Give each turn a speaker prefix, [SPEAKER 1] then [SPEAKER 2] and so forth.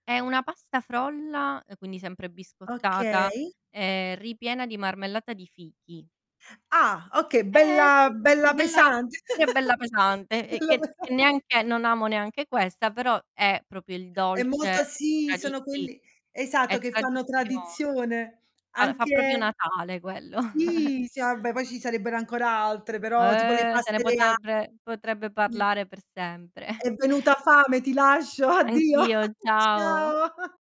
[SPEAKER 1] È una pasta frolla, ehm, quindi sempre biscottata
[SPEAKER 2] Okay.
[SPEAKER 1] e ripiena di marmellata di fichi.
[SPEAKER 2] Ah, okay,
[SPEAKER 1] Eh
[SPEAKER 2] bella
[SPEAKER 1] [unintelligible]
[SPEAKER 2] bella
[SPEAKER 1] bella
[SPEAKER 2] pesante
[SPEAKER 1] pure bella pesante, e
[SPEAKER 2] bella
[SPEAKER 1] che
[SPEAKER 2] pesa
[SPEAKER 1] che neanche non amo neanche questa però, è proprio il
[SPEAKER 2] È molto
[SPEAKER 1] dolce
[SPEAKER 2] sì,
[SPEAKER 1] tradi
[SPEAKER 2] sono
[SPEAKER 1] sì,
[SPEAKER 2] quelli
[SPEAKER 1] è
[SPEAKER 2] esatto, che fanno
[SPEAKER 1] tradizione.
[SPEAKER 2] tradizione,
[SPEAKER 1] Alo fa proprio
[SPEAKER 2] anche
[SPEAKER 1] Natale quello.
[SPEAKER 2] sì, sì, vabbè poi ci sarebbero ancora altre, però, tipo le
[SPEAKER 1] Eh, se ne
[SPEAKER 2] paste rea
[SPEAKER 1] potrebbe potrebbe
[SPEAKER 2] [unintelligible]
[SPEAKER 1] parlare per sempre.
[SPEAKER 2] È venuta fame. Ti lascio, addio.
[SPEAKER 1] Anch'io, ciao.
[SPEAKER 2] Ciao.